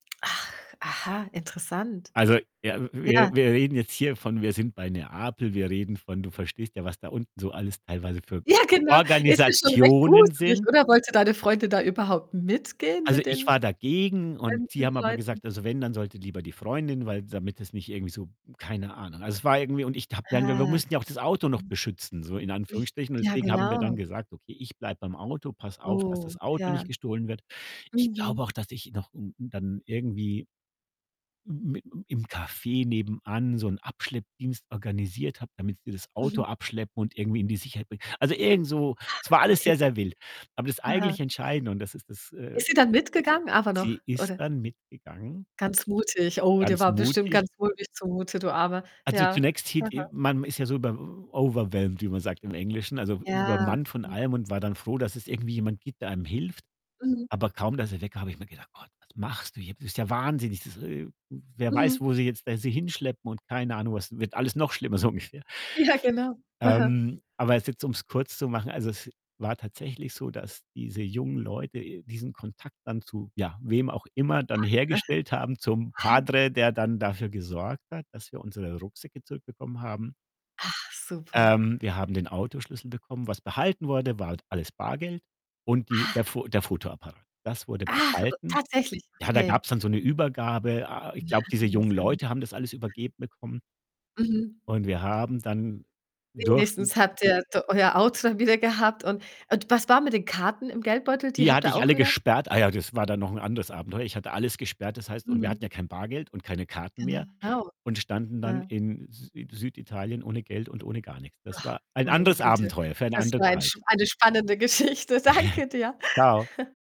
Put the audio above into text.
Ach, aha, interessant. Also, ja w Ja. wir wir reden jetzt hier von wir sind bei Neapel, wir reden von du verstehst ja, was da unten so alles teilweise für Ja, genau. Es ist schon recht Organisationen gruselig, sind. oder? Wollte deine Freundin da überhaupt mitgehen Also, mit ich den war dagegen und sie fremden haben aber Leuten? gesagt also, wenn, dann sollte lieber die Freundin, weil damit es nicht irgendwie so keine Ahnung. Also, es war irgendwie und ich habe dann wir wir Ah. mussten ja auch das Auto noch Hm. beschützen, so in Hm. Anführungsstrichen und Ja, deswegen haben wir genau. dann gesagt: „Okay, ich bleibe beim Auto, passe auf, dass Oh, das Auto nicht ja. gestohlen wird.“ Ich glaube Mhm. auch, dass ich noch u u dann irgendwie m m i im Café nebenan so 'n Abschleppdienst organisiert habe, damit sie das Mhm. Auto abschleppen und irgendwie in die Sicherheit bringen. Also, irgend so Ah, es war alles okay. sehr, sehr wild. Aber das Aha. eigentlich Entscheidende und das ist das, äh Ist sie dann mitgegangen, aber noch sie ist oder? dann mitgegangen Ganz mutig. Oh, dir ganz war bestimmt mutig. ganz mulmig zumute, du Armer. Also, Ja. zunächst hier die Aha. man ist ja so bei w w overwhelmed, wie man sagt im Englischen, also Ja. übermannt von Mhm. allem und war dann froh, dass es irgendwie jemand gibt, der einem hilft. Mhm. Aber kaum, dass er weg war, habe mir gedacht: „Gott, was machst du hier? Bist ja wahnsinnig. Das e e wer weiß, Mhm. wo sie jetzt da sie hinschleppen und keine Ahnung was wird alles noch schlimmer.“, so ungefähr. Ja, genau. Aha. Ähm, aber es jetzt, um's kurz zu machen, also, es war tatsächlich so, dass diese jungen Leute, äh, diesen Kontakt dann zu ja, wem auch immer Ja. dann Aha. hergestellt haben zum Ah. Padre, der dann dafür gesorgt hat, dass wir unsere Rucksäcke zurückbekommen haben. Ach super. Ähm, wir haben den Autoschlüssel bekommen. Was behalten wurde, war alles Bargeld und die der Ach. F der Fotoapparat. Das wurde Ach, u behalten. tatsächlich, Ja, da okay. gab's dann so 'ne Übergabe. Ah, ich Ja, glaube, diese jungen Wahnsinn. Mhm. Leute haben das alles übergeben bekommen. Mhm. Und wir haben dann durften Wenigstens habt ihr d euer Auto dann wieder gehabt und und was war mit den Karten im Geldbeutel? Die Die habt hatte ihr ich auch alle wieder? gesperrt. Ah ja, das war dann noch ein anderes Abenteuer. Ich hatte alles gesperrt, das heißt und wir hatten Mhm. ja kein Bargeld und keine Karten mehr Genau. und standen dann Ja. in Sü in Süditalien ohne Geld und ohne gar nix. Das Ach. war ein Meine anderes Güte, Abenteuer, für eine das andere war ein sp Zeit. eine spannende Geschichte. Danke dir. Tschau.